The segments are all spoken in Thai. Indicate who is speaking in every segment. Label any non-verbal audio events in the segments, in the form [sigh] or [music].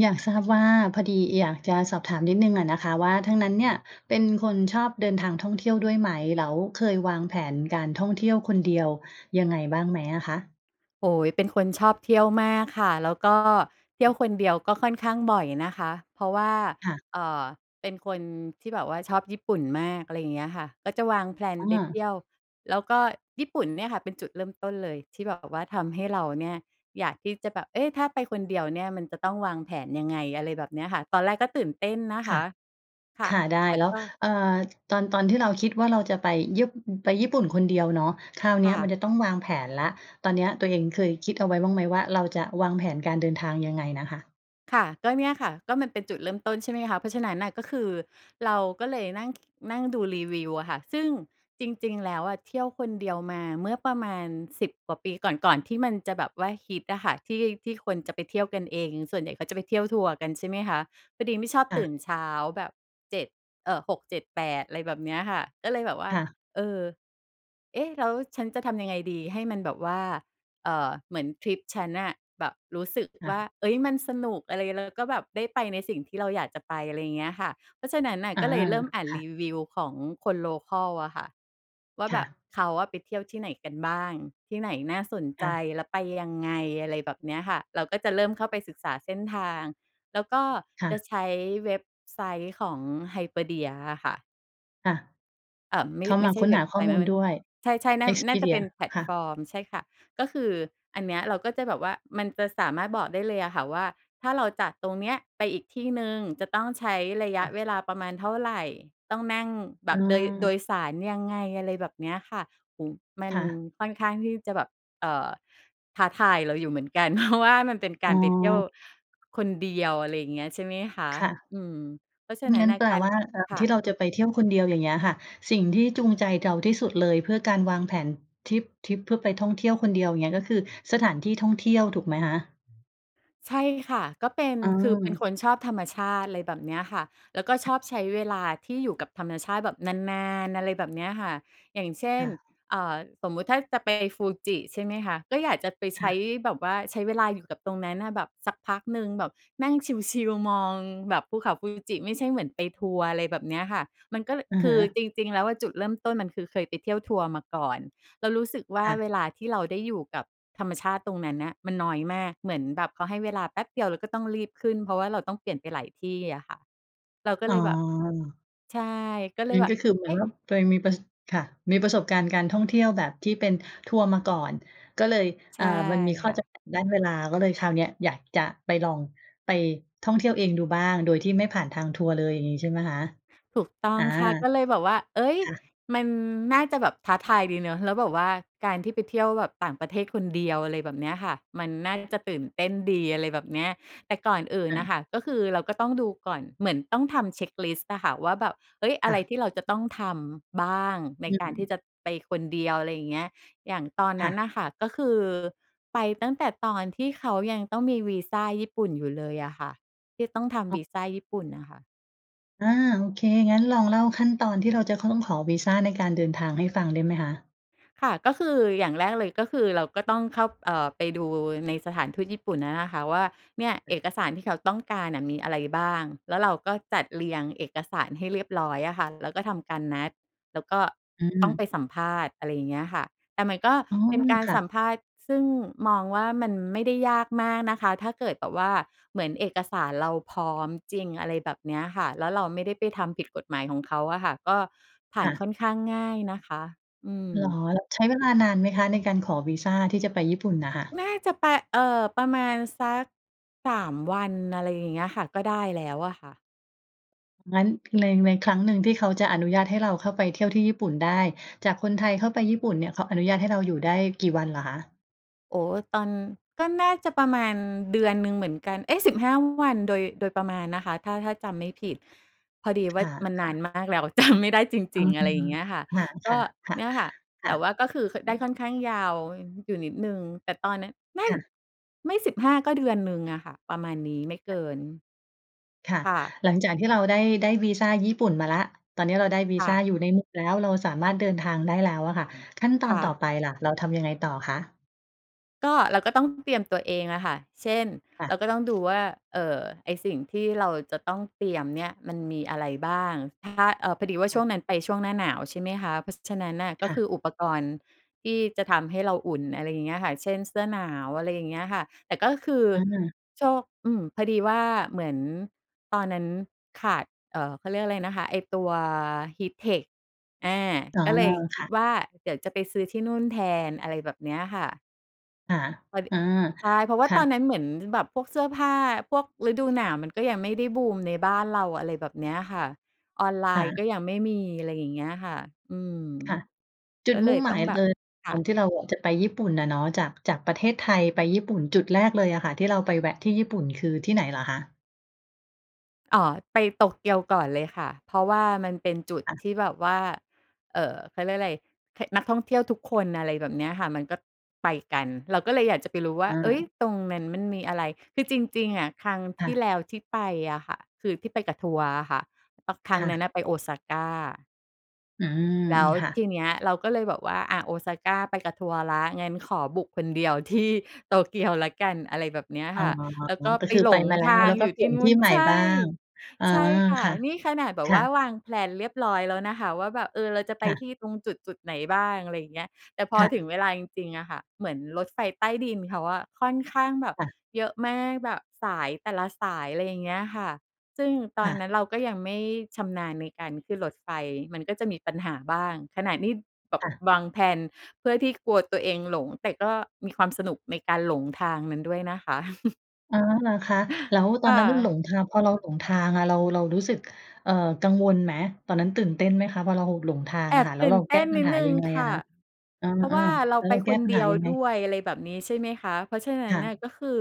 Speaker 1: อยากทราบว่า พอดีอยากจะสอบถามนิดหนึ่งอะนะคะว่า ทางนั้นเนี่ยเป็นคนชอบเดินทางท่องเที่ยวด้วยไหม? แล้วเคยวางแผนการท่องเที่ยวคนเดียวยังไงบ้างไหมอะคะ?
Speaker 2: โอ้โฮ เป็นคนชอบเที่ยวมากค่ะ แล้วก็เที
Speaker 1: อ
Speaker 2: ่ยว
Speaker 1: ื
Speaker 2: ค
Speaker 1: ม
Speaker 2: นเดียวก็ค่อนข้างบ่อยนะคะ เพราะว่า
Speaker 1: ค่ะ
Speaker 2: เอ่อ เป็นคนที่แบบว่าชอบญี่ปุ่นมาก อะไรอย่างเงี้ยค่ะ ก็จะวาง แพลน
Speaker 1: อ
Speaker 2: ไปเที
Speaker 1: า
Speaker 2: ่ยว แล้วก็ญี่ปุ่นเนี่ยค่ะ เป็นจุดเริ่มต้นเลย ที่แบบว่าทำให้เราเนี่ย อยากที่จะแบบ เอ๊ะ ถ้าไปคนเดียวเนี่ย มันจะต้องวางแผนยังไง? อะไรแบบเนี้ยค่ะ ตอนแรกก็ตื่นเต้นนะค
Speaker 1: ค่ะ
Speaker 2: ะ ค่
Speaker 1: ค
Speaker 2: ะ
Speaker 1: ่ะ ได้
Speaker 2: แต่
Speaker 1: แล้ว
Speaker 2: ก็
Speaker 1: เอ่อ ตอน ตอนที่เราคิดว่า เราจะไปญี่ ไปญี่ปุ่นคนเดียวเนาะ คราวเ
Speaker 2: ค
Speaker 1: นี
Speaker 2: ่
Speaker 1: ้ย
Speaker 2: ะ
Speaker 1: มันจะต้องวางแผนแล้ว ตอนเนี้ยตัวเองเคยคิดเอาไว้บ้างไหมว่า เราจะวางแผนการเดินทางยังไงน่ะค่ะ?
Speaker 2: ค่ะ ก็เนี่ยค่ะ ก็มันเป็นจุดเริ่มต้น ใช่ไหมคะ เพราะฉะนั้นน่ะ ก็คือเราก็เลยนั่ง นั่งดูรีวิวอะค่ะ ซึ่งจริง ๆ แล้วอะ เที่ยวคนเดียวมาเมื่อประมาณ 10 กว่าปีก่อน ก่อนที่มันจะแบบว่าฮิตอะค่ะ ที่ ที่คนจะไปเที่ยวกันเอง ส่วนใหญ่เขาจะไปเที่ยวทัวร์กัน ใช่ไหมคะ พอดีไม่ชอบ
Speaker 1: ค่
Speaker 2: ต
Speaker 1: ะ
Speaker 2: ื่นเช้าแบบ 7 เอ่อ 6,7,8 อะไรแบบเนี้ยค่ะ ก็เลยแบบว่า
Speaker 1: ค่ะ
Speaker 2: เออ เอ๊ะ แล้วฉันจะทำยังไงดี ให้มันแบบว่า เอ่อ เหมือนทริปฉันน่ะ แบบรู้สึก
Speaker 1: ค่
Speaker 2: ว่า
Speaker 1: ะ
Speaker 2: เฮ้ย มันสนุกอะไร แล้วก็แบบได้ไปในสิ่งที่เราอยากจะไป อะไรอย่างเงี้ยค่ะ เพราะฉะนั้นน่ะ
Speaker 1: อ
Speaker 2: ก
Speaker 1: า
Speaker 2: ็เลยเริ่มอ่าน
Speaker 1: ค่
Speaker 2: ร
Speaker 1: ะ
Speaker 2: ีวิวของคน โลคัล อะค่ะ ว่า
Speaker 1: ค
Speaker 2: แบ
Speaker 1: ่
Speaker 2: บ
Speaker 1: ะ
Speaker 2: เขาอะไปเที่ยวที่ไหนกันบ้าง? ที่ไหนน่าสน
Speaker 1: ค
Speaker 2: ใจ?
Speaker 1: ่ะ
Speaker 2: แล้วไปยังไง? อะไรแบบเนี้ยค่ะ เราก็จะเริ่มเข้าไปศึกษาเส้นทาง แล้วก็
Speaker 1: ค่
Speaker 2: จะ
Speaker 1: ะ
Speaker 2: ใช้เว็บไซต์ของ Hyperdia อะค่ะ
Speaker 1: ค่ะ
Speaker 2: เออ ไม่
Speaker 1: เข้า
Speaker 2: ไม
Speaker 1: มา
Speaker 2: ่ใช
Speaker 1: ค
Speaker 2: ่
Speaker 1: ้น
Speaker 2: เว
Speaker 1: ห
Speaker 2: ็บ
Speaker 1: าข
Speaker 2: ไซ
Speaker 1: ้อ
Speaker 2: ต์
Speaker 1: ม
Speaker 2: ไ
Speaker 1: ู
Speaker 2: ม่
Speaker 1: ล
Speaker 2: ม
Speaker 1: ด้วย
Speaker 2: ใช่ ๆ น่า น่าจะเป
Speaker 1: Expedia
Speaker 2: ็นแพลต
Speaker 1: ค่ะ
Speaker 2: ฟอร์ม ใช่ค่ะ ก็คืออันเนี้ยเราก็จะแบบว่า มันจะสามารถบอกได้เลยอะค่ะว่า ถ้าเราจากตรงเนี้ยไปอีกที่หนึ่งจะต้องใช้ระย
Speaker 1: ค
Speaker 2: ะ
Speaker 1: ่ะ
Speaker 2: เวลาประมาณเท่าไร? ต้องนั่งแบ
Speaker 1: อ
Speaker 2: บโดย โด
Speaker 1: า
Speaker 2: ยสารยังไง? อะไรแบบเนี้ยค่ะ โอ้โฮ มั
Speaker 1: ค
Speaker 2: น
Speaker 1: ่ะ
Speaker 2: ค่อนข้างที่จะแบบ เอ่อ ท้าทายเราอยู่เหมือนกัน เพราะว่า มัน เป็นก
Speaker 1: อ
Speaker 2: า
Speaker 1: ๋
Speaker 2: รไปเที่ยว
Speaker 1: อ
Speaker 2: คนเดียว อะไรอย่างเงี้ย ใช่ไหมคะ
Speaker 1: ค่ะ
Speaker 2: อืม เพราะฉะนั
Speaker 1: ง
Speaker 2: ้
Speaker 1: ั
Speaker 2: น
Speaker 1: ้น
Speaker 2: น่ะ
Speaker 1: แปล
Speaker 2: การ
Speaker 1: ว่าการ
Speaker 2: ค่
Speaker 1: ท
Speaker 2: ะ
Speaker 1: ี่เราจะไปเที่ยวคนเดียว อย่างเงี้ยค่ะ สิ่งที่จูงใจเรา ที่สุดเลย เพื่อการวางแผนทริป ทริปเพื่อไปท่องเที่ยวคนเดียว เงี้ย ก็คือสถานที่ท่องเที่ยว ถูกไหมคะ?
Speaker 2: ใช่ค่ะ ก็เป็น
Speaker 1: อื
Speaker 2: คือเป็นค
Speaker 1: ม
Speaker 2: นชอบธรรมชาติ ไรแบบเนี้ยค่ะ แล้วก็ชอบใช้เวลาที่อยู่กับธรรมชาติแบบนาน ๆ อะไรแบบเนี้ยค่ะ อย่างเช่
Speaker 1: ค
Speaker 2: น
Speaker 1: ่ะ
Speaker 2: เอ่อ สมมุติถ้าจะไปฟูจิใช่ไหมคะ ก็อยากจะไปใ
Speaker 1: ค
Speaker 2: ช
Speaker 1: ่
Speaker 2: ้
Speaker 1: ะ
Speaker 2: แบบว่า ใช้เวลาอยู่กับตรงนั้นน่ะแบบสักพักหนึ่ง แบบนั่งชิล ๆ มองแบบภูเขาฟูจิ ไม่ใช่เหมือนไปทัวร์ อะไรแบบเนี้ยค่ะ มันก็เลอ
Speaker 1: อะ
Speaker 2: ค
Speaker 1: ฮ
Speaker 2: ือ
Speaker 1: ะ
Speaker 2: จริง ๆ แล้วอะจุดเริ่มต้นมันคือเคยไปเที่ยวทัวร์มาก่อน แล้วรู้สึกว่า
Speaker 1: ค่
Speaker 2: เ
Speaker 1: ะ
Speaker 2: วลาที่เราได้อยู่กับธรรมชาติตรงนั้นน่ะมันน้อยมาก เหมือนแบบเขาให้เวลาแป๊บเดียวแล้วก็ ต้องรีบขึ้น เพราะว่าเราต้องเปลี่ยนไปหลายที่อะค่ะ เราก็
Speaker 1: อ
Speaker 2: เ
Speaker 1: ๋
Speaker 2: ลยแบบ
Speaker 1: อ
Speaker 2: ใช่ ก็เล
Speaker 1: ม
Speaker 2: ย
Speaker 1: ัน
Speaker 2: แบ
Speaker 1: ก
Speaker 2: บ
Speaker 1: ็คือเหมื
Speaker 2: เ
Speaker 1: อ
Speaker 2: อ
Speaker 1: น
Speaker 2: ๊
Speaker 1: ว
Speaker 2: ะ
Speaker 1: ่า ตัวเองมีประ ส ค่ะ มีประสบการณ์การท่องเที่ยวแบบที่เป็นทัวร์มาก่อน ก็เลย
Speaker 2: ใช
Speaker 1: อ่
Speaker 2: ่
Speaker 1: า มันมีข้
Speaker 2: ค
Speaker 1: อ
Speaker 2: ่
Speaker 1: จ
Speaker 2: ะ
Speaker 1: ำกัดด้านเวลา ก็เลย คราวเนี้ยอยากจะไปลอง ไปท่องเที่ยวเองดูบ้าง โดยที่ไม่ผ่านทางทัวร์เลย อย่างงี้ใช่ ไหมคะ?
Speaker 2: ถูกต้อ
Speaker 1: อ
Speaker 2: ง
Speaker 1: า
Speaker 2: ค่ะ ก็เลยแบบว่า เฮ้ย
Speaker 1: ค่ะ
Speaker 2: มันน่าจะแบบท้าทายดีเนาะ แล้วแบบว่าการที่ไปเที่ยวแบบต่างประเทศคนเดียว อะไรแบบเนี้ยค่ะ มันน่าจะตื่นเต้นดี อะไรแบบเนี้ย แต่ก่อนอื่น
Speaker 1: ค่
Speaker 2: น่
Speaker 1: ะ
Speaker 2: ะค่ะก็คือเราก็ต้องดูก่อน เหมือนต้องทำเช็กลิสต์อะค่ะว่า แบบ เฮ้ย อ
Speaker 1: ค
Speaker 2: ะ
Speaker 1: ่
Speaker 2: ไร
Speaker 1: ะ
Speaker 2: ที่เราจะต้องทำบ้าง? ใน
Speaker 1: อื
Speaker 2: การที่
Speaker 1: ม
Speaker 2: จะไปคนเดียว อะไรอย่างเงี้ย อย่างตอน
Speaker 1: ค
Speaker 2: น
Speaker 1: ่
Speaker 2: ั้น
Speaker 1: ะ
Speaker 2: น่ะค่ะก็คือไปตั้งแต่ตอนที่เขายังต้องมีวีซาญี่ปุ่นอยู่เลยอะค่ะ ที่ต้องท
Speaker 1: อ
Speaker 2: ำ
Speaker 1: ็
Speaker 2: ว
Speaker 1: อ
Speaker 2: ี
Speaker 1: ก
Speaker 2: ซาญี่ปุ่นน่ะค่ะ
Speaker 1: อา โอเค งั้นลองเล่าขั้นตอนที่เราจะต้องขอวีซาในการเดินทางให้ฟังได้ไหมคะ?
Speaker 2: ค่ะ ก็คืออย่างแรกเลย ก็คือเราก็ต้องเข้า เอ่อ ไปดู ในสถานทูตญี่ปุ่นนั้นอะค่ะว่า เนี่ยเอกสารที่เขาต้องการอะมีอะไรบ้าง? แล้วเราก็จัดเรียงเอกสารให้เรียบร้อยอะค่ะ แล้วก็ทำการนัด แล้วก็
Speaker 1: อื
Speaker 2: ต้องไป
Speaker 1: ม
Speaker 2: สัมภาษณ์ อะไรอย่างเงี้ยค่ะ แต่มันก็
Speaker 1: อ๋อ
Speaker 2: เป็นการ
Speaker 1: ค่
Speaker 2: สัม
Speaker 1: ะ
Speaker 2: ภาษณ์ซึ่งมองว่ามันไม่ได้ยากมากนะคะ ถ้าเกิดแบบว่าเหมือนเอกสารเราพร้อมจริง อะไรแบบเนี้ยค่ะ แล้วเราไม่ได้ไปทำผิดกฎหมายของเขาอะค่ะ ก็ผ่า
Speaker 1: ค
Speaker 2: น
Speaker 1: ่
Speaker 2: ค
Speaker 1: ะ
Speaker 2: ่อนข้างง่ายนะคะ อื
Speaker 1: เหรอ
Speaker 2: ม
Speaker 1: แล้วใช้เวลานานไหมคะ? ในการขอวีซาที่จะไปญี่ปุ่นน่ะค่ะ
Speaker 2: น่าจะไป เอ่อ ประมาณสัก 3 วัน อะไรอย่างเงี้ยค่ะ ก็ได้แล้วอะค่ะ
Speaker 1: งั้น แพลน ในครั้งหนึ่งที่เขาจะอนุญาตให้เราเข้าไปเที่ยวที่ญี่ปุ่นได้ จากคนไทยเข้าไปญี่ปุ่นเนี่ยเขาอนุญาตให้เราอยู่ได้กี่วันเหรอคะ?
Speaker 2: โอ้โฮ ตอน ก็น่าจะประมาณ เดือนหนึ่งเหมือนกัน เอ๊ะ 15 วัน โดย โดยประมาณนะคะ ถ้า ถ้าจำไม่ผิด พอดีว่
Speaker 1: ค
Speaker 2: ามันนา
Speaker 1: ่ะ
Speaker 2: น
Speaker 1: ๆ
Speaker 2: มากแล้ว จำไม่ได้ จ
Speaker 1: อื
Speaker 2: ริง ๆ อะไรอย
Speaker 1: ม
Speaker 2: ่างเงี้ยค่ะ
Speaker 1: ค
Speaker 2: ก็
Speaker 1: ่ะ ๆ ค่ะ
Speaker 2: เนี่ยค่ะ
Speaker 1: ค
Speaker 2: แ
Speaker 1: ่
Speaker 2: ต
Speaker 1: ะ
Speaker 2: ่ว่าก็คือ ค
Speaker 1: อ
Speaker 2: ได
Speaker 1: ื
Speaker 2: ้ค
Speaker 1: ม
Speaker 2: ่อนข้างยาว อยู่นิดหนึ่ง แต่ตอนเนี้ย ไม่
Speaker 1: ค่ะ
Speaker 2: ไม่ 15 ก็เดือนหนึ่งอะค่ะ ประมาณนี้ ไม่เกิน
Speaker 1: ค่ะ
Speaker 2: ค่ะ
Speaker 1: หลังจากที่เรา ได้ ได้วีซาญี่ปุ่นมาแล้ว ตอนนี้เราได้วี
Speaker 2: ค่
Speaker 1: ซา
Speaker 2: ะ
Speaker 1: อยู่ในมือแล้ว เราสามารถเดินทางได้แล้วอะค่ะ ขั้นต
Speaker 2: ค
Speaker 1: อน
Speaker 2: ่
Speaker 1: ต่
Speaker 2: ะ
Speaker 1: อไปล่ะ เราทำยังไงต่อคะ?
Speaker 2: ก็ เราก็ต้องเตรียมตัวเองอะค่ะ เช่น
Speaker 1: ค่
Speaker 2: เร
Speaker 1: ะ
Speaker 2: าก็ต้องดูว่า เอ่อ ไอ้สิ่งที่เราจะต้องเตรียมเนี่ย มันมีอะไรบ้าง ถ้า เออ พอดีว่า
Speaker 1: ค
Speaker 2: ช
Speaker 1: ่
Speaker 2: ่ว
Speaker 1: ะ
Speaker 2: งนั้นไปช่วงหน้าหนาว ใช่ไหมคะ เพราะฉะนั้นน่ะ
Speaker 1: ค
Speaker 2: ก็
Speaker 1: ่
Speaker 2: ค
Speaker 1: ะ
Speaker 2: ือ อุปกรณ์ที่จะทำให้เราอุ่น อะไรอย่างเงี้ยค่ะ เช่น เสื้อหนาว อะไรอย่างเงี้ยค่ะ แต่ก็คือ
Speaker 1: อา
Speaker 2: โชค อืม พอดีว่าเหมือนตอนนั้นขาด เอ่อ เขาเรียกอะไรนะคะ ไอ้ตัว HEATTECH อา
Speaker 1: อ๋อ
Speaker 2: ก็เลยค
Speaker 1: ค
Speaker 2: ิด
Speaker 1: ่ะ
Speaker 2: ว่าเดี๋ยวจะไปซื้อที่นู่นแทน อะไรแบบเนี้ยค่ะ
Speaker 1: ค่ะ
Speaker 2: พอ ด
Speaker 1: เออ
Speaker 2: ใช่ เพราะว่
Speaker 1: ค
Speaker 2: า
Speaker 1: ่
Speaker 2: ตอ
Speaker 1: ะ
Speaker 2: นนั้นเหมือนแบบพวกเสื้อผ้า พวกฤดูหนาวมันก็ยังไม่ได้บูมในบ้านเรา อะไรแบบเนี้ยค่ะ ออนไล
Speaker 1: ค่
Speaker 2: น์ก็
Speaker 1: ะ
Speaker 2: ยังไม่มี อะไรอย่างเงี้ยค่ะ อืม
Speaker 1: ค่ะ จุ
Speaker 2: ก็
Speaker 1: ด
Speaker 2: เ
Speaker 1: ม
Speaker 2: ล
Speaker 1: ุ่
Speaker 2: ย
Speaker 1: งห
Speaker 2: ต
Speaker 1: ม
Speaker 2: ้อ
Speaker 1: า
Speaker 2: ง
Speaker 1: ย
Speaker 2: แบ
Speaker 1: เ
Speaker 2: บ
Speaker 1: ลย
Speaker 2: ค
Speaker 1: ต
Speaker 2: ่
Speaker 1: อน
Speaker 2: ะ
Speaker 1: ที่เราอะจะไปญี่ปุ่นอะเนาะ จาก จากประเทศไทย ไปญี่ปุ่น จุดแรกเลยอะค่ะที่เราไปแวะที่ญี่ปุ่น คือที่ไหนเหรอคะ?
Speaker 2: อ๋อ ไปโตเกียวก่อนเลยค่ะ เพราะว่ามันเป็นจุด
Speaker 1: ค่ะ
Speaker 2: ที่แบบว่า เอ่อ เขาเรียกไร เหะ นักท่องเที่ยวทุกคน อะไรแบบเนี้ยค่ะ มันก็ไปกัน เราก็เลยอยากจะไปรู้ว่
Speaker 1: อ
Speaker 2: า เฮ้ย!
Speaker 1: า
Speaker 2: ตรงนั้นมันมีอะไร คือจริง ๆ อะ ครั้ง
Speaker 1: ค
Speaker 2: ท
Speaker 1: ่
Speaker 2: ี
Speaker 1: ะ
Speaker 2: ่แล้วที่ไปอะค่ะ คือที่ไปกับทัวร์อะค่ะ อ ครั
Speaker 1: ค
Speaker 2: ้ง
Speaker 1: ่
Speaker 2: นั้น
Speaker 1: ะ
Speaker 2: น่ะไป Osaka
Speaker 1: อืม
Speaker 2: แล้ว
Speaker 1: ค่ะ
Speaker 2: ทีเนี้ยเราก็เลยบอกว่า อ่า โอซาก้าไปกับทัวร์แล้ว งั้นขอบุกคนเดียว ที่ โตเกียวแล้วกัน อะไรแบบเนี้ย
Speaker 1: อ๋
Speaker 2: ค
Speaker 1: อ
Speaker 2: ่ะ แล้วก็
Speaker 1: ก็
Speaker 2: ไป
Speaker 1: คือ
Speaker 2: หล
Speaker 1: ไป
Speaker 2: ง
Speaker 1: มาแล้
Speaker 2: ท
Speaker 1: ว
Speaker 2: า
Speaker 1: แ
Speaker 2: ง
Speaker 1: ล้วก
Speaker 2: อ
Speaker 1: ็
Speaker 2: ยู่
Speaker 1: เปล
Speaker 2: ท
Speaker 1: ี
Speaker 2: ี
Speaker 1: ่
Speaker 2: ่
Speaker 1: ยน
Speaker 2: น
Speaker 1: ท
Speaker 2: ู
Speaker 1: ี
Speaker 2: ้
Speaker 1: ่
Speaker 2: น
Speaker 1: ใหม่
Speaker 2: ใช
Speaker 1: บ้
Speaker 2: ่
Speaker 1: าง อา
Speaker 2: ใช่ค่ะ
Speaker 1: ค่ะ
Speaker 2: นี่ขนาดแบ
Speaker 1: ค
Speaker 2: บว
Speaker 1: ่
Speaker 2: ่
Speaker 1: ะ
Speaker 2: าวาง แพลน เรียบร้อยแล้วนะคะ ว่าแบบ เออ เราจะไป
Speaker 1: ค่
Speaker 2: ท
Speaker 1: ะ
Speaker 2: ี่ตรงจุด ๆ ไหนบ้าง อะไรอย่างเงี้ย แต่พอ
Speaker 1: ค่
Speaker 2: ถึ
Speaker 1: ะ
Speaker 2: งเวลาจริง ๆ น่ะค่ะ เหมือนรถไฟใต้ดินเขาอะ ค่อนข้างแบบ
Speaker 1: ค่ะ
Speaker 2: เยอะมาก แบบสายแต่ละสาย อะไรอย่างเงี้ยค่ะ ซึ่งต
Speaker 1: ค
Speaker 2: อน
Speaker 1: ่
Speaker 2: น
Speaker 1: ะ
Speaker 2: ั้นเราก็ยังไม่ชำนาญในการขึ้นรถไฟ มันก็จะมีปัญหาบ้าง ขนาดนี้แบบ
Speaker 1: ค่ะ
Speaker 2: วาง แพลน เพื่อที่กลัวตัวเองหลง แต่ก็มีความสนุกในการหลงทางนั้นด้วยนะคะ [chuckles]
Speaker 1: อ๋อ เหรอคะ? แล้วต
Speaker 2: ค
Speaker 1: อ
Speaker 2: ่
Speaker 1: นนั้นน่ะหล
Speaker 2: ะ
Speaker 1: งทาง พอเราหลงทางอะ เรา เรารู้สึก เอ่อ กังวลไหม? ตอนนั้นตื่นเต้นไหมคะ? พอเราหลงทาง
Speaker 2: แอ
Speaker 1: อะ
Speaker 2: บ
Speaker 1: ค่ะ แ
Speaker 2: ต
Speaker 1: ล้
Speaker 2: ื
Speaker 1: ว
Speaker 2: ่
Speaker 1: เ
Speaker 2: น
Speaker 1: รา
Speaker 2: เต
Speaker 1: แก้
Speaker 2: ้น
Speaker 1: ปั
Speaker 2: น
Speaker 1: ญ
Speaker 2: ิด
Speaker 1: หา
Speaker 2: หนึ่
Speaker 1: ย
Speaker 2: ง
Speaker 1: ังไง
Speaker 2: ค
Speaker 1: อะ
Speaker 2: ่ะ
Speaker 1: คะ? เอ
Speaker 2: เพราะว
Speaker 1: อ
Speaker 2: ่าเร
Speaker 1: ๆ
Speaker 2: า
Speaker 1: แล้ว
Speaker 2: ไป
Speaker 1: เราแก
Speaker 2: ค
Speaker 1: ้
Speaker 2: น
Speaker 1: ปัญ
Speaker 2: เด
Speaker 1: ห
Speaker 2: ี
Speaker 1: า
Speaker 2: ยว
Speaker 1: ยังไง?
Speaker 2: ด้วย อะไรแบบนี้ ใช่ไหมคะ เพราะฉะนั
Speaker 1: ค
Speaker 2: ้น
Speaker 1: ่
Speaker 2: น่ะ
Speaker 1: ะ
Speaker 2: ก็คือ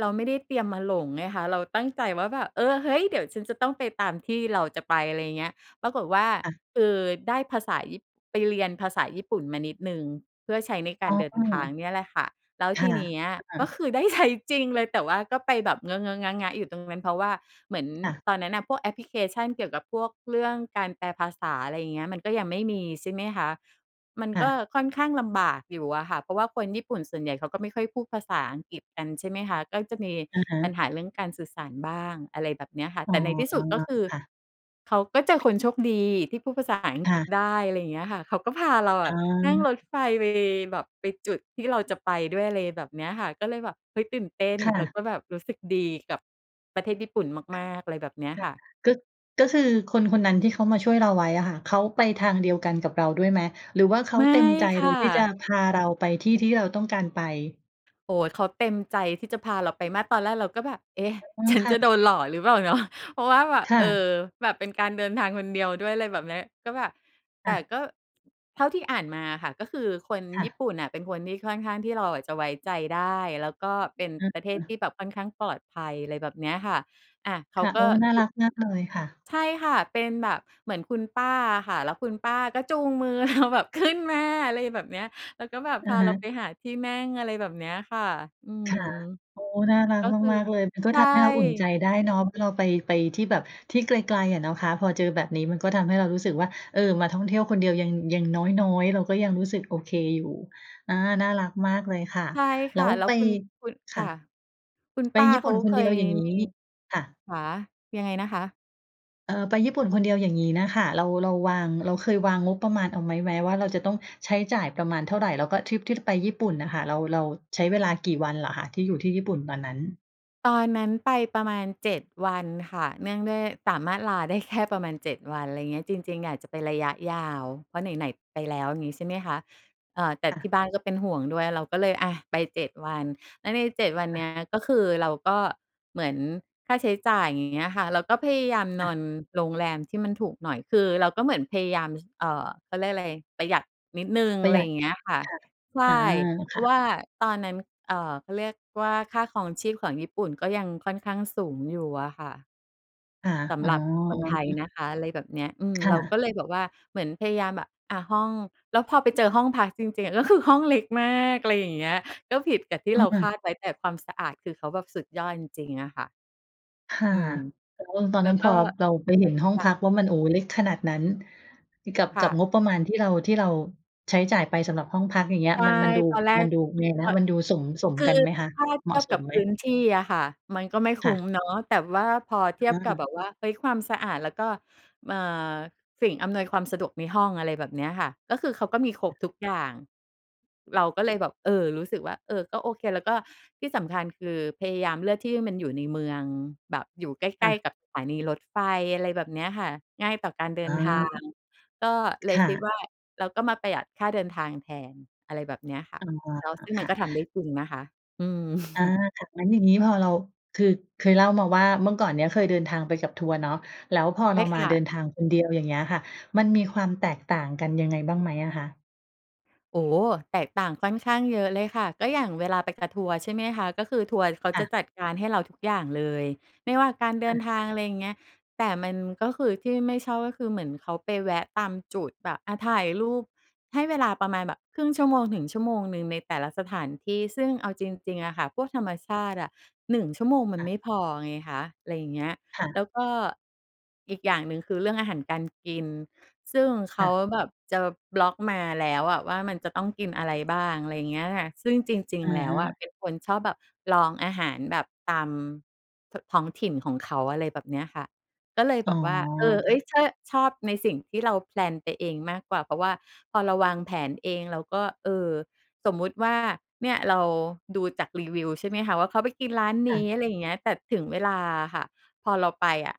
Speaker 2: เราไม่ได้เตรียมมาหลงไงคะ เราตั้งใจว่าแบบ เออ เฮ้ย! เดี๋ยวฉันจะต้องไปตามที่เราจะไป อะไรอย่างเงี้ย ปรากฏว่า
Speaker 1: ค่ะ
Speaker 2: เอ่อ ได้ภาษาญี่ ไปเรียนภาษาญี่ปุ่นมานิดหนึ่ง เพื่อใช้ในกา
Speaker 1: อ๋
Speaker 2: ร
Speaker 1: อ
Speaker 2: เดิน
Speaker 1: เ
Speaker 2: ท
Speaker 1: หร
Speaker 2: า
Speaker 1: อ?
Speaker 2: งเนี่ยแหละค่ะ แล้ว
Speaker 1: ค
Speaker 2: ท
Speaker 1: ่
Speaker 2: ี
Speaker 1: ะ
Speaker 2: เนี้ย
Speaker 1: ค่
Speaker 2: ก็
Speaker 1: ะ
Speaker 2: คือได้ ใช้ จริง เลย แต่ว่าก็ไปแบบเงอะ ๆ งะ ๆ อยู่ตรงนั้น เพราะว่าเหมือน
Speaker 1: ค่ะ
Speaker 2: ตอนนั้นน่ะพวกแอปพลิเคชันเกี่ยวกับพวกเรื่องการแปลภาษา อะไรอย่างเงี้ย มันก็ยังไม่มี ใช่ไหมคะ มัน
Speaker 1: ค่
Speaker 2: ก็
Speaker 1: ะ
Speaker 2: ค่อนข้างลำบากอยู่อะค่ะ เพราะว่าคนญี่ปุ่นส่วนใหญ่เขาก็ไม่ค่อยพูดภาษาอังกฤษกัน ใช่ไหมคะ ก็จะมี
Speaker 1: อะฮ
Speaker 2: ปัญ
Speaker 1: ะ
Speaker 2: หาเรื่องการสื่อสารบ้าง อะไรแบบเนี้ยค่ะ
Speaker 1: อ๋
Speaker 2: แต
Speaker 1: อ
Speaker 2: ่ในที่สุด ก็คือ
Speaker 1: ค่ะ
Speaker 2: เขาก็เจอคนโชคดีที่พูดภาษาอัง
Speaker 1: ค
Speaker 2: ก
Speaker 1: ่
Speaker 2: ฤษ
Speaker 1: ะ
Speaker 2: ได้ อะไรอย่างเงี้ยค่ะ เขาก็พาเราอ
Speaker 1: อ
Speaker 2: ะนั่งร
Speaker 1: า
Speaker 2: ถไฟไปแบบไปจุดที่เราจะไปด้วย อะไรแบบเนี้ยค่ะ ก็เลยแบบ เฮ้ย ตื่นเต้น
Speaker 1: ค่
Speaker 2: แล้ว
Speaker 1: ะ
Speaker 2: ก็แบบรู้สึกดีกับประเทศญี่ปุ่นมาก ๆ อะไรแบบเนี้ย
Speaker 1: ค่
Speaker 2: ค
Speaker 1: ะ
Speaker 2: ่ะ
Speaker 1: ก็ ก็คือคนคนนั้นที่เขามาช่วยเราไว้อะค่ะ เขาไปทางเดียวกันกับเราด้วยไหม หรือว่าเขา
Speaker 2: ไม่
Speaker 1: เต็มใจ
Speaker 2: ค
Speaker 1: โด
Speaker 2: ่
Speaker 1: ยที่จะ
Speaker 2: ะ
Speaker 1: พาเราไปที่ ที่เราต้องการไป?
Speaker 2: โอ้โฮ เขาเต็มใจที่จะพาเราไปมากตอนแรกเราก็แบบ เอ๊ะ
Speaker 1: อืม
Speaker 2: ฉัน
Speaker 1: ค่
Speaker 2: จะ
Speaker 1: ะ
Speaker 2: โดนหลอกหรือเปล่า เนาะ เพราะว่าแบบ
Speaker 1: ค่
Speaker 2: เออ
Speaker 1: ะ
Speaker 2: แบบเป็นการเดินทางคนเดียวด้วย อะไรแบบเนี้ย ก็แบบ แ
Speaker 1: ค
Speaker 2: ต
Speaker 1: ่
Speaker 2: ่
Speaker 1: ะ
Speaker 2: ก็ เท่าที่อ่านมาค่ะ ก็คือคน
Speaker 1: ค่
Speaker 2: ญี่
Speaker 1: ะ
Speaker 2: ปุ่นน่ะ เป็นคนที่ค่อนข้างที่เราอะจะไว้ใจได้ แล้วก็เป็น
Speaker 1: อื
Speaker 2: ประเทศท
Speaker 1: ม
Speaker 2: ี่แบบค่อนข้างปลอดภัย อะไรแบบเนี้ยค่ะ อ่า เข
Speaker 1: ค
Speaker 2: า
Speaker 1: ่ะ
Speaker 2: ก
Speaker 1: โอ้
Speaker 2: ็
Speaker 1: น่า
Speaker 2: จุ
Speaker 1: รักมากเลยค่ะ
Speaker 2: ใช่ค่ะ เป็นแบบเหมือนคุณป้าอะค่ะ แล้วคุณป้าก็จูงมือเราแบบ ขึ้นมา อะไรแบบนี้ แล้วก็แบบ
Speaker 1: อ
Speaker 2: พ
Speaker 1: ะ
Speaker 2: า
Speaker 1: ฮ
Speaker 2: เร
Speaker 1: ะ
Speaker 2: าไปหาที่นั่ง อะไรแบบเนี้ยค่ะ อื
Speaker 1: ค
Speaker 2: ม
Speaker 1: ่ะ โอ้ น่ารัก
Speaker 2: ก็คือ
Speaker 1: มาก ๆ เลย มันก็
Speaker 2: ใช
Speaker 1: ท
Speaker 2: ่
Speaker 1: ำให้เราอุ่นใจได้เนาะ เราไป ไปที่แบบที่ไกล ๆ อะเนาะคะ พอเจอแบบนี้มันก็ทำให้เรารู้สึกว่า เออ มาท่องเที่ยวคนเดียวยัง อย่างน้อย ๆ เราก็ยังรู้สึกโอเคอยู่ อ่า น่ารักมากเลยค่ะ
Speaker 2: ใช่ค
Speaker 1: แล้
Speaker 2: ่ะ
Speaker 1: ว
Speaker 2: แล้
Speaker 1: ไ
Speaker 2: ว
Speaker 1: ป
Speaker 2: คุณ คุณ ค
Speaker 1: ค
Speaker 2: ่
Speaker 1: ่ะ
Speaker 2: ะ คุณ
Speaker 1: ไป
Speaker 2: ป้า
Speaker 1: ญี่
Speaker 2: เ
Speaker 1: ป
Speaker 2: ข
Speaker 1: ุ่
Speaker 2: า
Speaker 1: นค
Speaker 2: เค
Speaker 1: นเดี
Speaker 2: ย
Speaker 1: ยว อย่างงี้
Speaker 2: มี
Speaker 1: ค่ะ
Speaker 2: ค่ะ ยังไงนะคะ?
Speaker 1: เออ ไปญี่ปุ่นคนเดียวอย่างงี้น่ะค่ะ เรา เราวาง เราเคยยวางงบประมาณเอาไหมไว้ว่า เราจะต้องใช้จ่ายประมาณเท่าไร? แล้วก็ทริปที่ไปญี่ปุ่นน่ะค่ะ เรา เราใช้เวลากี่วันเหรอคะ ที่อยู่ที่ญี่ปุ่นตอนนั้น?
Speaker 2: ตอนนั้นไปประมาณ 7 วันค่ะ เนื่องด้วยสามารถลาได้แค่ประมาณ 7 วัน อะไรเงี้ย จริง ๆ อยากจะไประยะยาว เพราะไหน ๆ ไปแล้วงี้ใช่ไหมคะ เออ แต่
Speaker 1: ค่
Speaker 2: ที
Speaker 1: ะ
Speaker 2: ่บ้านก็เป็นห่วงด้วย เราก็เลย อะ ไป 7 วัน แล้วใน 7 วัน
Speaker 1: ค
Speaker 2: เ
Speaker 1: ่
Speaker 2: นี้
Speaker 1: ะ
Speaker 2: ยก็คือเราก็เหมือนค่าใช้จ่ายอย่างเงี้ยค่ะ แล้วก็พยายามน
Speaker 1: อา
Speaker 2: อนโรงแรมที่มันถูกหน่อย คือเราก็เหมือนพยายาม เอ่อ เขาเรียกอะไร ประหยัดนิดหนึ่ง
Speaker 1: ป
Speaker 2: อ
Speaker 1: ร
Speaker 2: ะ
Speaker 1: ะ
Speaker 2: ไ
Speaker 1: ห
Speaker 2: ร
Speaker 1: ยั
Speaker 2: อย
Speaker 1: ด
Speaker 2: ่างเงี้ยค่ะ
Speaker 1: ค่ะ
Speaker 2: ใช่
Speaker 1: อา
Speaker 2: เพ
Speaker 1: ค
Speaker 2: รา
Speaker 1: ่
Speaker 2: ะว
Speaker 1: ะ
Speaker 2: ่าตอนนั้น เอ่อ เขาเรียกว่า ค่าครองชีพของญี่ปุ่นก็ยังค่อนข้างสูงอยู่อะค่ะ
Speaker 1: ค่ะ
Speaker 2: ส
Speaker 1: อ
Speaker 2: ำ
Speaker 1: ๋อ
Speaker 2: หรับคนไทย
Speaker 1: ๆ
Speaker 2: นะคะ อะไรแบบเนี้ย อืม
Speaker 1: ค่
Speaker 2: เราก
Speaker 1: ะ
Speaker 2: ็เลยแบบว่า เหมือนพยายามแบบ อะ ห้อง แล้วพอไปเจอห้องพักจริง ๆ ก็คือห้องเล็กมาก อะไรอย่างเงี้ย ก็ผิดกับที่
Speaker 1: เ
Speaker 2: เราค
Speaker 1: ออ
Speaker 2: าดไว้ แต่ความสะอาดคือเขาแบบสุดยอดจริง ๆ อะค่ะ
Speaker 1: ค่ะ
Speaker 2: อืม
Speaker 1: แล้วตอน
Speaker 2: แล้
Speaker 1: นั
Speaker 2: ว
Speaker 1: ้น
Speaker 2: ก
Speaker 1: พ
Speaker 2: ็
Speaker 1: อเราไปเห็นห้อง
Speaker 2: ค่
Speaker 1: พ
Speaker 2: ะ
Speaker 1: ักว่ามัน โอ้! เล็กขนาดนั้น กับ
Speaker 2: ค
Speaker 1: ก
Speaker 2: ่
Speaker 1: ับ
Speaker 2: ะ
Speaker 1: งบประมาณที่เรา ที่เราใช้จ่ายไปสำหรับห้องพักอย่างเงี้
Speaker 2: ใ
Speaker 1: ย
Speaker 2: ช่
Speaker 1: มัน มันดู
Speaker 2: ตอนแร
Speaker 1: ม
Speaker 2: ก
Speaker 1: ันดูยังไงน
Speaker 2: ก
Speaker 1: ะ
Speaker 2: ็
Speaker 1: มันดูสม สม
Speaker 2: คื
Speaker 1: กัน
Speaker 2: อ
Speaker 1: ไหมคะ
Speaker 2: ถ้าเ
Speaker 1: เ
Speaker 2: ท
Speaker 1: หม
Speaker 2: ี
Speaker 1: าะ
Speaker 2: ยบ
Speaker 1: ส
Speaker 2: ก
Speaker 1: ม
Speaker 2: ับ
Speaker 1: ไห
Speaker 2: พ
Speaker 1: ม?
Speaker 2: ื้นที่อะค่ะ มันก็ไม่ค
Speaker 1: ค
Speaker 2: ุ
Speaker 1: ่
Speaker 2: ้ม
Speaker 1: ะ
Speaker 2: เนาะ แต่ว่าพอเทีย
Speaker 1: เ
Speaker 2: บกับ
Speaker 1: ออ
Speaker 2: แบบว่า เฮ้ย! ความสะอาดแล้วก็ เอ่อ สิ่งอำนวยความสะดวกในห้อง อะไรแบบเนี้ยค่ะ ก็คือเขาก็มีครบทุกอย่าง เราก็เลยแบบ เออ รู้สึกว่า เออ ก็โอเค แล้วก็ที่สำคัญ คือพยายามเลือกที่มันอยู่ในเมือง แบบอยู่ใก
Speaker 1: ค
Speaker 2: ล
Speaker 1: ่
Speaker 2: ้
Speaker 1: ะ
Speaker 2: ๆ กับสถานีรถไฟ อะไรแบบเนี้ยค่ะ ง่ายต่อการเดิ
Speaker 1: อ
Speaker 2: นทาง
Speaker 1: า
Speaker 2: ก็เล
Speaker 1: ค
Speaker 2: ย
Speaker 1: ่
Speaker 2: คิด
Speaker 1: ะ
Speaker 2: ว่า เราก็มาประหยัดค่าเดินทางแทน อะไรแบบเนี้ยค่ะ
Speaker 1: อ๋อ
Speaker 2: แล้วซึ่งม
Speaker 1: ค
Speaker 2: ัน
Speaker 1: ่ะ
Speaker 2: ก็ทำได้จริงนะคะ อืม
Speaker 1: อา
Speaker 2: [chuckles]
Speaker 1: ค่ะ งั้นอย่างงี้พอเรา คือ เคยเล่ามาว่า เมื่อก่อนเนี้ยเคยเดินทางไปกับทัวร์เนาะ แล้วพอ
Speaker 2: ใช
Speaker 1: เร
Speaker 2: ่
Speaker 1: า
Speaker 2: ค
Speaker 1: มา
Speaker 2: ่
Speaker 1: เดิ
Speaker 2: ะ
Speaker 1: นทางคนเดียว อย่างเงี้ยค่ะ มันมีความแตกต่างกันยังไงบ้างไหมอะคะ?
Speaker 2: โอ้โฮ แตกต่างค่อนข้างเยอะเลยค่ะ ก็อย่างเวลาไปกับทัวร์ ใช่ไหมคะ ก็คือทัวร์เขา
Speaker 1: ค
Speaker 2: จ
Speaker 1: ่
Speaker 2: ะ
Speaker 1: ะ
Speaker 2: จัดการให้เราทุกอย่างเลย ไม่ว่าการเดิ
Speaker 1: อ
Speaker 2: น
Speaker 1: า
Speaker 2: ทาง อะไรอย่างเงี้ย แต่มัน ก็คือที่ไม่ชอบก็คือเหมือนเขาไปแวะตามจุดแบบ อา ถ่ายรูป ให้เวลาประมาณแบบครึ่งชั่วโมงถึงชั่วโมงหนึ่งในแต่ละสถานที่ ซึ่งเอาจริง ๆ อะค่ะ พวกธรรมชาติอะ 1 ชั่วโมงมั
Speaker 1: ค
Speaker 2: น
Speaker 1: ่
Speaker 2: ไ
Speaker 1: ะ
Speaker 2: ม่พอไงคะ อะไรอย่างเงี้ย
Speaker 1: ค่
Speaker 2: แล
Speaker 1: ะ
Speaker 2: ้วก็อีกอย่างหนึ่งคือเรื่องอาหารการกิน ซึ่งเข
Speaker 1: ค
Speaker 2: า
Speaker 1: ่ะ
Speaker 2: แบบจะบล็อกมาแล้วอะว่ามันจะต้องกินอะไรบ้าง อะไรเงี้ยล่ะค่ะ ซึ่งจริง
Speaker 1: อะ
Speaker 2: ๆ แล้
Speaker 1: ฮ
Speaker 2: วอะ
Speaker 1: ะ
Speaker 2: เป็นคนชอบแบบลองอาหารแบบตาม ท ท้องถิ่นของเขา อะไรแบบเนี้ยค่ะ ก็เลยแ
Speaker 1: อ
Speaker 2: บ
Speaker 1: ๋อ
Speaker 2: บว่า เออ เ
Speaker 1: ค
Speaker 2: ฮ้
Speaker 1: ่
Speaker 2: ย
Speaker 1: ะ
Speaker 2: เช่อ ชอบในสิ่งที่เรา แพลน ไปเองมากกว่า เพราะว่าพอเราวางแผนเองเราก็ เออ สมมติว่าเนี่ยเราดูจากรีวิวใช่ไหมคะว่าเขาไปกินร้านน
Speaker 1: ค่
Speaker 2: ี้
Speaker 1: ะ
Speaker 2: อะไรอย่างเงี้ย แต่ถึงเวลาอะค่ะพอเราไปอะ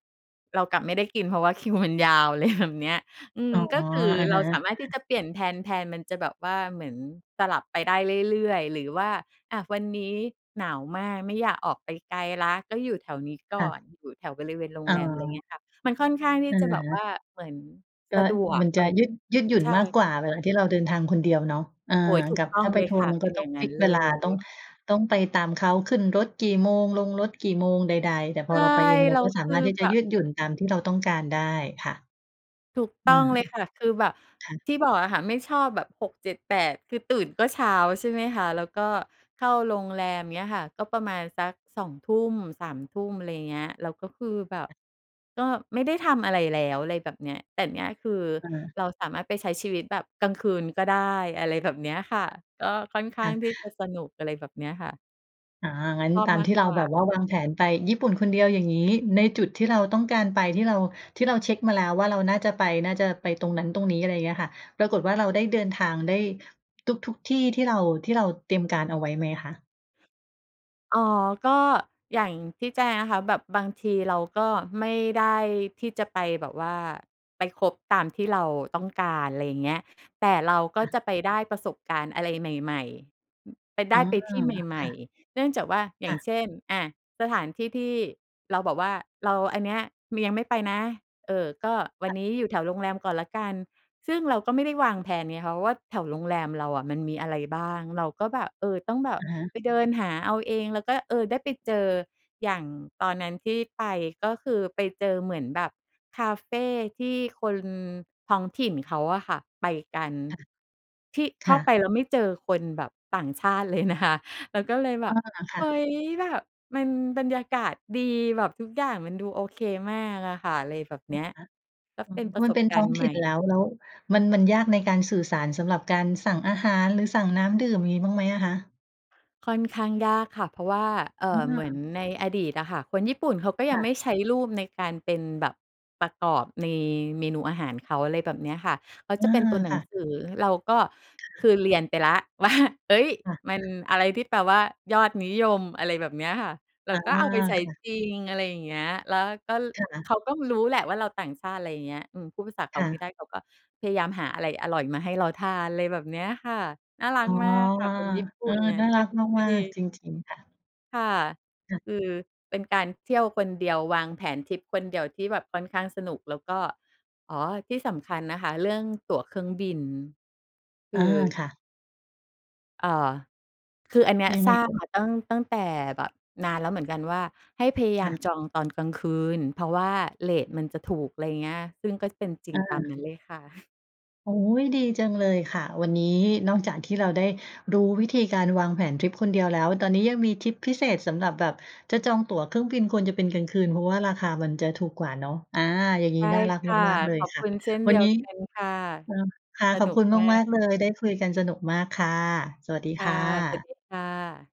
Speaker 2: เรากลับไม่ได้กินเพราะว่า คิว มันยาว อะ ไร แบบเนี้ย อื
Speaker 1: อ
Speaker 2: ม
Speaker 1: ๋อ
Speaker 2: ก็คือ
Speaker 1: อะ
Speaker 2: เร
Speaker 1: ฮ
Speaker 2: า
Speaker 1: ะ
Speaker 2: สามารถที่จะเปลี่ยนแทน แทน มันจะแบบว่าเหมือนสลับไปได้เรื่อย ๆ หรือว่า อา วันนี้หนาวมากไม่อยากออกไปไกลแล้ว ก็อยู่แถวนี้ก
Speaker 1: ค
Speaker 2: ่
Speaker 1: ่
Speaker 2: อน
Speaker 1: ะ
Speaker 2: อยู่แถวบริเวณโร
Speaker 1: อ
Speaker 2: ง
Speaker 1: ๋
Speaker 2: แรม อะไรเงี
Speaker 1: อ
Speaker 2: ้ยค่ะ มันค่อนข้างที่
Speaker 1: อะ
Speaker 2: จะแบบ
Speaker 1: ฮ
Speaker 2: ว่
Speaker 1: ะ
Speaker 2: าเหมือน
Speaker 1: ก
Speaker 2: ส
Speaker 1: ็
Speaker 2: ะดวก
Speaker 1: มัน
Speaker 2: ต
Speaker 1: จะยืด ยืดหยุ่น
Speaker 2: ใช่
Speaker 1: มากก
Speaker 2: ค
Speaker 1: ว
Speaker 2: ่
Speaker 1: ่
Speaker 2: ะ
Speaker 1: าเวลาที่เราเดินทางคนเดียวเนาะ อา
Speaker 2: โอ้โฮ ถู
Speaker 1: ก
Speaker 2: ก
Speaker 1: ับ
Speaker 2: ต้อ
Speaker 1: ถ้
Speaker 2: ง
Speaker 1: าไ
Speaker 2: เ
Speaker 1: ป
Speaker 2: ลย
Speaker 1: ทัว
Speaker 2: ค
Speaker 1: ร์
Speaker 2: ่ะ
Speaker 1: มัน
Speaker 2: เ
Speaker 1: ก
Speaker 2: ป
Speaker 1: ็
Speaker 2: ็น
Speaker 1: ต
Speaker 2: อย
Speaker 1: ้อ
Speaker 2: ่
Speaker 1: ง
Speaker 2: างน
Speaker 1: ฟ
Speaker 2: ั้
Speaker 1: ิ
Speaker 2: น
Speaker 1: กซ
Speaker 2: เ
Speaker 1: ์เว
Speaker 2: ล
Speaker 1: ลา ต้อง
Speaker 2: ย
Speaker 1: ต้องไปตามเขา ขึ้นรถกี่โมง ลงรถกี่โมง ใด ๆ แต่พ
Speaker 2: ใช
Speaker 1: อเ
Speaker 2: ่
Speaker 1: ราไปเองเร
Speaker 2: แล
Speaker 1: า
Speaker 2: ้
Speaker 1: ก
Speaker 2: ว
Speaker 1: ็ส
Speaker 2: ค
Speaker 1: า
Speaker 2: ื
Speaker 1: ม
Speaker 2: อ
Speaker 1: ารถที่
Speaker 2: แ
Speaker 1: จ
Speaker 2: บ
Speaker 1: ะย
Speaker 2: บ
Speaker 1: ืดหยุ่นตามที่เราต้องการได้ ค่ะ
Speaker 2: ถูก
Speaker 1: อ
Speaker 2: ต
Speaker 1: ื
Speaker 2: ้อง
Speaker 1: ม
Speaker 2: เลยค่ะ คือแบบ
Speaker 1: ค่ะ
Speaker 2: ที่บอกอะค่ะไม่ชอบแบบ 6 7 8 คือตื่นก็เช้าใช่ไหมคะ แล้วก็เข้าโรงแรม เงี้ยค่ะ ก็ประมาณสัก 2 ทุ่ม 3 ทุ่ม อะไรเงี้ย แล้วก็คือแบบ
Speaker 1: อ
Speaker 2: ก็ไม่ได้ทำอะไรแล้ว อะไรแบบเนี้ย แต่เนี้ยคือ
Speaker 1: เออ
Speaker 2: เราสามารถไปใช้ชีวิตแบบกลางคืนก็ได้ อะไรแบบเนี้ยค่ะ ก็ค่อนข้
Speaker 1: ค
Speaker 2: า
Speaker 1: ่
Speaker 2: งที่จะ
Speaker 1: ะ
Speaker 2: สนุก อะไรแบบนี้ค่ะ
Speaker 1: อา งั้น
Speaker 2: ชอบ
Speaker 1: ตาม
Speaker 2: มา
Speaker 1: ท
Speaker 2: ก
Speaker 1: ี่เร
Speaker 2: ก
Speaker 1: า
Speaker 2: ว่
Speaker 1: แบ
Speaker 2: า
Speaker 1: บว่าวางแผนไปญี่ปุ่นคนเดียว อย่างงี้ ในจุดที่เราต้องการไป ที่เรา ที่เราเช็กมาแล้วว่า เราน่าจะไป น่าจะไปตรงนั้นตรงนี้ อะไรเงี้ยค่ะ ปรากฏว่า เราได้เดินทางได้ทุก ๆ ที่ ที่เรา ที่เราเตรียมการเอาไว้ไหมคะ?
Speaker 2: อ๋อ ก็อย่างที่แจ้งนะคะ แบบบางทีเราก็ไม่ได้ที่จะไปแบบว่า ไปครบตามที่เราต้องการ ไรอย่างเงี้ย แต่เราก็
Speaker 1: ค่ะ
Speaker 2: จะไปได้ประสบการณ์อะไรใหม่ ๆ อือ ไปได
Speaker 1: อ๋
Speaker 2: ้
Speaker 1: อ
Speaker 2: ไปที่ใหม
Speaker 1: ค
Speaker 2: ่
Speaker 1: ่ะ
Speaker 2: ๆ เนื่องจากว่า อย่
Speaker 1: ค
Speaker 2: า
Speaker 1: ่
Speaker 2: ง
Speaker 1: ะ
Speaker 2: เช่น อะ สถานที่ที่เราแบบว่า เรา อันเนี้ย มี ยังไม่ไปนะ เอ่อ ก็วั
Speaker 1: ค
Speaker 2: น
Speaker 1: ่ะ
Speaker 2: นี้อยู่แถวโรงแรมก่อนแล้วกัน ซึ่งเราก็ไม่ได้วางแพลนไงคะว่า แถวโรงแรมเราอะ มันมีอะไรบ้าง? เราก็แบบ เออ ต้องแบบ
Speaker 1: อะฮะ
Speaker 2: ไปเดินหาเอาเอง แล้วก็ เออ ได้ไปเจอ อย่างตอนนั้นที่ไป ก็คือ ไปเจอเหมือนแบบคาเฟที่คนท้องถิ่นเขาอะค่ะ ไปกัน
Speaker 1: ค่ะ
Speaker 2: ที่เ
Speaker 1: ค
Speaker 2: ข้า
Speaker 1: ่
Speaker 2: ไ
Speaker 1: ะ
Speaker 2: ปแล้วไม่เจอคนแบบ ต่างชาติเลยนะคะ เราก็เลยแบ
Speaker 1: อ๋อ
Speaker 2: บ
Speaker 1: ค
Speaker 2: เ
Speaker 1: ่
Speaker 2: ฮ
Speaker 1: ะ
Speaker 2: ้ย แบบมันบรรยากาศดี แบบทุกอย่างมันดูโอเคมากอะค่ะ ไรแบบเนี้ย
Speaker 1: [unintelligible]
Speaker 2: ก็
Speaker 1: อ๋อ
Speaker 2: เป็นป
Speaker 1: พ
Speaker 2: ร
Speaker 1: อ
Speaker 2: ะ
Speaker 1: ม
Speaker 2: ส
Speaker 1: ันเ
Speaker 2: บ
Speaker 1: ป็น
Speaker 2: ก
Speaker 1: ท
Speaker 2: า
Speaker 1: ้
Speaker 2: ร
Speaker 1: อ
Speaker 2: ณ
Speaker 1: ง
Speaker 2: ์ใ
Speaker 1: ถ
Speaker 2: หม
Speaker 1: ิ่
Speaker 2: ่
Speaker 1: นแล้ว แล้วมัน มันยากในการสื่อสารสำหรับการสั่งอาหาร หรือสั่งน้ำดื่ม มีบ้างไหมอะคะ?
Speaker 2: ค่อนข้างยากค่ะ เพราะว่า เอ่
Speaker 1: อ
Speaker 2: อ เหมือน
Speaker 1: า
Speaker 2: ในอดีตอะค่ะ คนญี่ปุ่นเขาก็ยั
Speaker 1: ค
Speaker 2: ง
Speaker 1: ่
Speaker 2: ไม
Speaker 1: ะ
Speaker 2: ่ใช้รูป ในการเป็นแบบ ประกอบใน เมนูอาหารเขา อะไรแบบเนี้ยค่ะ เขา
Speaker 1: อื
Speaker 2: จะเป็น
Speaker 1: ม
Speaker 2: ตัวหน
Speaker 1: ค
Speaker 2: ัง
Speaker 1: ่ะ
Speaker 2: สือ เราก็
Speaker 1: ค
Speaker 2: ค
Speaker 1: ่ะ
Speaker 2: ือเรียนไปแล้ว ว่า เฮ้ย
Speaker 1: ค่
Speaker 2: มัน
Speaker 1: ะ
Speaker 2: อะไรที่แปลว่ายอดนิยม อะไรแบบเนี้ยค่ะ เรา
Speaker 1: อา
Speaker 2: ก็เอาไปใช้
Speaker 1: ค่ะ
Speaker 2: จริง อะไรอย่างเงี้ย แล้วก็ ล
Speaker 1: ค่
Speaker 2: เข
Speaker 1: ะ
Speaker 2: าก็รู้แหละว่าเราต่างชาติ อะไรอย่างเงี้ย อืม พูดภาษาเข
Speaker 1: ค
Speaker 2: า
Speaker 1: ่
Speaker 2: ไม่
Speaker 1: ะ
Speaker 2: ได้ เขาก็พยายามหาอะไรอร่อยมาให้เราทาน อะไรแบบเนี้ยค่ะ น่ารั
Speaker 1: อ๋
Speaker 2: ก
Speaker 1: อ
Speaker 2: มากค่ะ คนญี่ป
Speaker 1: เ
Speaker 2: ุ
Speaker 1: อ
Speaker 2: ่
Speaker 1: อ
Speaker 2: นน่ะ
Speaker 1: น่า
Speaker 2: ใ
Speaker 1: รัก
Speaker 2: ช่
Speaker 1: มาก ๆ จริง ๆ ค่ะ
Speaker 2: ค่ะ
Speaker 1: ค่ะ
Speaker 2: คือ เป็นการเที่ยวคนเดียว วางแผนทริปคนเดียวที่แบบค่อนข้างสนุก แล้วก็ อ๋อ ที่สำคัญนะคะ เรื่องตั๋วเครื่องบิน คื
Speaker 1: อา
Speaker 2: อ
Speaker 1: ค่ะ
Speaker 2: เอ่อ คืออันเนี้ย
Speaker 1: ยังไง
Speaker 2: ทราบ
Speaker 1: เอ่
Speaker 2: ม
Speaker 1: ย?
Speaker 2: า ตั้ง ตั้งแต่แบบนานแล้วเหมือนกันว่า ให้พยาย
Speaker 1: ค
Speaker 2: า
Speaker 1: ่
Speaker 2: ม
Speaker 1: ะ
Speaker 2: จองตอนกลางคืน เพราะว่าเรตมันจะถูก อะไรอย่างเงี้ย ซึ่งก็เป็นจริง
Speaker 1: อา
Speaker 2: ตามนั้นเลยค่ะ [chuckles]
Speaker 1: โอ๊ย ดีจังเลยค่ะ วันนี้นอกจากที่เราได้รู้วิธีการวางแผนทริปคนเดียวแล้ว ตอนนี้ยังมีทริปพิเศษสำหรับแบบจะจองตั๋วเครื่องบิน ควรจะเป็นกลางคืน เพราะว่าราคามันจะถูกกว่าเนาะ อา อย่างน
Speaker 2: ใ
Speaker 1: ี้
Speaker 2: ช่
Speaker 1: น่ารัก
Speaker 2: ค่ะ
Speaker 1: มาก ๆ เล
Speaker 2: ข
Speaker 1: ย
Speaker 2: อบ
Speaker 1: ค่
Speaker 2: ค
Speaker 1: ะ
Speaker 2: ุณเช่นเ
Speaker 1: ว
Speaker 2: ด
Speaker 1: ั
Speaker 2: ี
Speaker 1: น
Speaker 2: ย
Speaker 1: น
Speaker 2: ว
Speaker 1: ี้
Speaker 2: กันค่ะ
Speaker 1: เออ ค่ะ
Speaker 2: ส
Speaker 1: ขอ
Speaker 2: น
Speaker 1: บ
Speaker 2: ุ
Speaker 1: ค
Speaker 2: ก
Speaker 1: ุณ
Speaker 2: มา
Speaker 1: มา
Speaker 2: ก
Speaker 1: ก ๆ เลย ได้คุยกันสนุกมากค่ะ สวัสดี
Speaker 2: ค
Speaker 1: ค
Speaker 2: ่ะ
Speaker 1: ่
Speaker 2: สวัส
Speaker 1: ะ
Speaker 2: ดีค่ะ